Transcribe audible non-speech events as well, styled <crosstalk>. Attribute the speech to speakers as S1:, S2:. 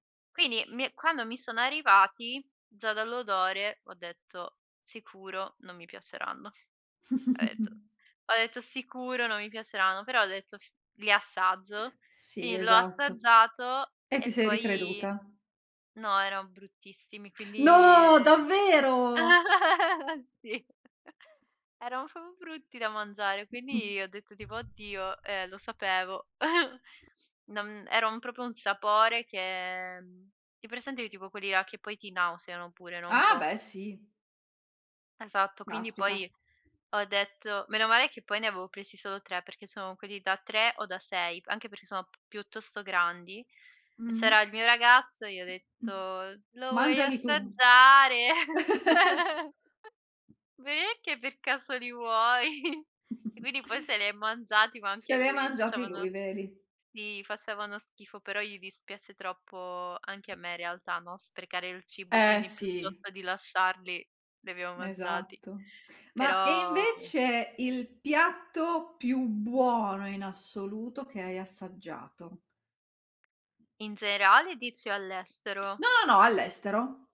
S1: Quindi mi quando mi sono arrivati, già dall'odore ho detto: "Sicuro non mi piaceranno." Ho detto
S2: <chuckles>
S1: ho detto: "Sicuro non mi piaceranno." Però ho detto: "F li assaggio."
S2: Sì,
S1: Quindi l'ho
S2: esatto.
S1: assaggiato
S2: E ti
S1: e
S2: sei
S1: poi
S2: ricreduta?
S1: no, erano bruttissimi, quindi
S2: No! Davvero?
S1: <chuckles> sì. <chuckles> erano son brutti da mangiare, quindi ho detto tipo: "Oddio. Eh, lo sapevo." <chuckles> non era un proprio un sapore che hai presente tipo quelli là che poi ti nauseano pure, no, un
S2: Ah,
S1: po'.
S2: beh, sì.
S1: Esatto. Quindi,
S2: Caspita.
S1: poi ho detto: "Meno male che poi ne avevo presi solo 3." perché sono quelli da 3 o da 6, anche perché sono p piuttosto grandi, e
S2: Mh-mh.
S1: c'era il mio ragazzo e gli ho
S2: Mh, mh.
S1: detto: "Lo vuoi
S2: Mangiali tu.
S1: assaggiare?"
S2: <laughs>
S1: <chuckles> "Beh, che per caso li vuoi?" <chuckles> E
S2: <chuckles>
S1: quindi poi se li è mangiati, ma anche
S2: Se
S1: a
S2: l'è
S1: lui gli
S2: mangiati lui,
S1: facevano
S2: vedi?
S1: si. Facevano schifo, però gli dispiace troppo anche a me in realtà, no, sprecare il cibo,
S2: Eh,
S1: quindi
S2: sì.
S1: piuttosto di lasciarli li abbiamo mangiati.
S2: Esatto. Ma e
S1: Però
S2: invece il piatto più buono in assoluto che hai assaggiato?
S1: In generale o dici all'estero?
S2: No, no, no all'estero.